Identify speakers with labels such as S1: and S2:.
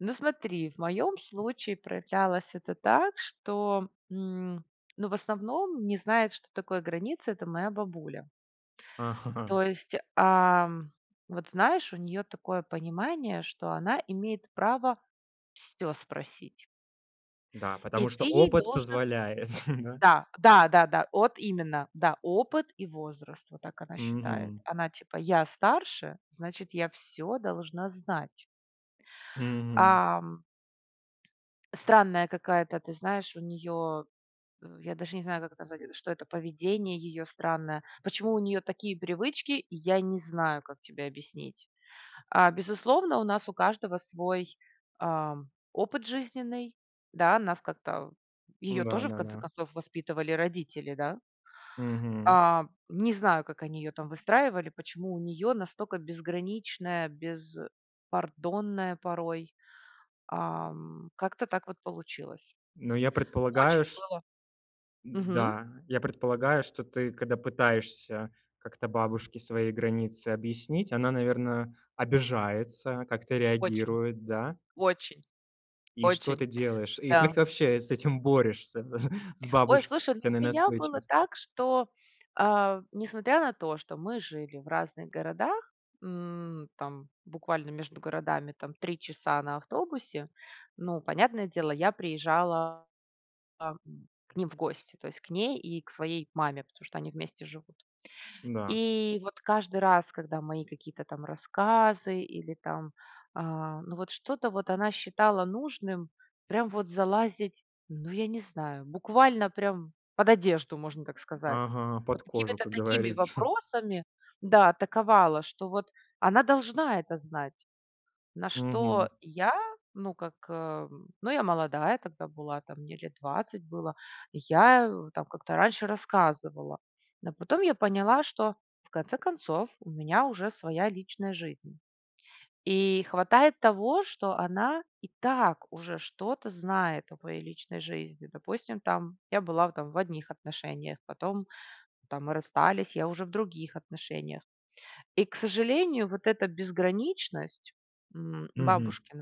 S1: Ну смотри, в моём случае проявлялось это так, что, м ну в основном не знает, что такое граница- это моя бабуля.
S2: Ага.
S1: То есть, ам вот знаешь, у неё такое понимание, что она имеет право всё спросить.
S2: Да,
S1: И
S2: потому что
S1: ты ей
S2: опыт
S1: должен
S2: позволяет, н-да?
S1: Да, да-да-да. От именно. Да, опыт и возраст. Вот так она считает.
S2: Мгм.
S1: Она, типа: "Я старше, значит, я всё должна знать".
S2: Мгм.
S1: Ам. Странная какая-то, ты знаешь, у неё в я даже не знаю, как назвать это, что это поведение её странное. Почему у неё такие привычки, я не знаю, как тебе объяснить. А, безусловно, у нас у каждого свой, ам опыт жизненный. Да, нас как-то в её
S2: Н-да,
S1: тоже, в конце
S2: да-да.
S1: концов, воспитывали родители, да.
S2: Мгм.
S1: А, не знаю, как они её там выстраивали, почему у неё настолько безграничная, беспардонная порой, ам Как-то так вот получилось.
S2: Но я предполагаю,
S1: Очень
S2: ш
S1: было Мгм.
S2: Н-да, я предполагаю, что ты, когда пытаешься как-то бабушке свои границы объяснить, она наверно, обижается, как-то
S1: Очень
S2: реагирует, да?
S1: очень
S2: И что
S1: очень,
S2: ты делаешь? И как
S1: да.
S2: ты вообще с этим борешься, с
S1: Ой, слушай, ну у
S2: бабушкиной
S1: меня было
S2: настойчивость
S1: так, что, а в несмотря на то, что мы жили в разных городах. М там буквально между городами там 3 часа на автобусе. Ну понятное дело, я приезжала там к ним в гости. То есть к ней и к своей маме, потому что они вместе живут.
S2: Н-да.
S1: И вот каждый раз, когда мои какие-то там рассказы или там, а ну вот что-то вот она считала нужным, прям вот залазить ну я не знаю, буквально прям под одежду, можно так сказать.
S2: Ага,
S1: Вот
S2: под кожу,
S1: какими-то
S2: как
S1: такими
S2: говорится.
S1: вопросами да, атаковала, что вот она должна это знать. На
S2: Мгм.
S1: что я, ну как, эм ну я молодая тогда была, там мне лет 20 было. И я в там как-то раньше рассказывала. Но потом я поняла, что в конце концов, у меня уже своя личная жизнь. И хватает того, что она и так уже что-то знает о моей личной жизни. Допустим, там я была в там в одних отношениях. Потом там мы расстались, я уже в других отношениях. И к сожалению, вот эта безграничность, м
S2: Мгм.
S1: бабушкина